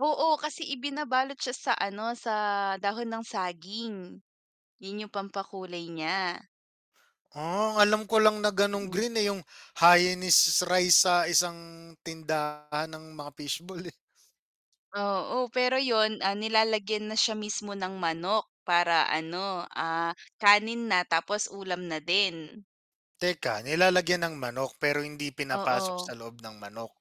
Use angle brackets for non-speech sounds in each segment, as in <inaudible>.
Oo, kasi ibinabalot siya sa, ano, sa dahon ng saging. 'Yon 'yong pampakulay niya. Ah, ang alam ko lang na gano'ng Mm. green, eh, 'yong Hainanese rice sa isang tindahan ng mga fish ball, eh. Oo, pero 'yon, ah, nilalagyan na siya mismo ng manok, para, ano, ah, kanin na tapos ulam na din. Teka, nilalagyan ng manok, pero hindi pinapasok Oo. sa loob ng manok?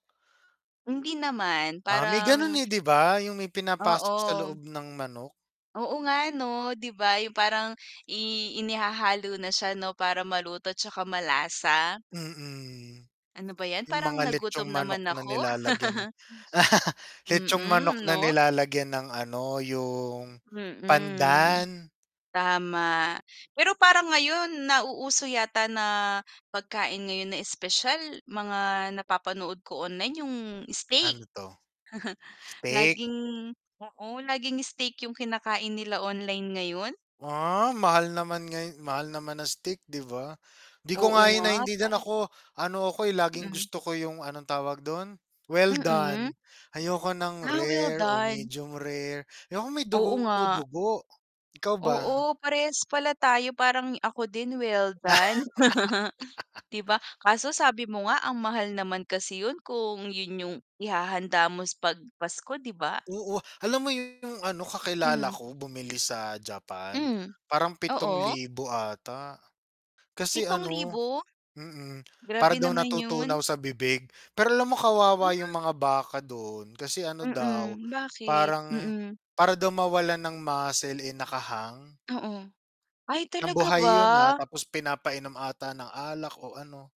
Hindi naman, Ah, may gano'n, parang eh, 'di ba, 'yong may pinapasok sa Oo. loob ng manok? Oo nga, 'no, 'di ba 'yong parang i inihahalo na siya, 'no, para maluto at saka malasa. Mm. Ano ba 'yan, 'Yong parang mga litson nagutom manok naman na ako. nilalagyan ng <laughs> <chuckles> litson manok Mm, na 'no? nilalagyan ng ano, 'yong, Mm. pandan. Tama, pero parang ngayon nauuso yata na pagkain ngayon na espesyal, mga napapanood ko online 'yong, steak. Ano 'to? <chuckles> Steak. Laging oo, laging steak 'yong kinakain nila online ngayon. Ah, mahal naman ngay mahal naman ng steak, 'di ba. 'Di ko Oo nga 'yon nga, naintindihan. parang Ako ano ako, eh, laging Mm. gusto ko 'yong anong tawag do'n well Mm. done. Ayoko ng Ah, rare o welldone. medium rare, ayoko may Oo nga. dugo-dugo. Ikaw ba? Oo, parehas pala tayo parang ako din well done. <laughs> <laughs> 'Di ba. Kaso sabi mo nga ang mahal naman kasi 'yon kung 'yon 'yong ihahanda mo s 'pag Pasko, 'di ba? Oo, alam mo 'yong, ano, kakilala Hmm. ko bumili sa Japan. Mhm, Parang pitong oo. libo ata, kasi Pitong ano libo? mm, para Grabe daw naman 'yon. natutunaw sa bibig. Pero alam mo Ha? kawawa 'yong mga baka doon kasi, ano daw, Mm, bakit? parang Mm. para daw mawalan ng muscle, eh, naka-hang. Oo. Ay, Nang talaga buhay ba? 'yon, ah. Tapos pinapainom ata ng alak o ano.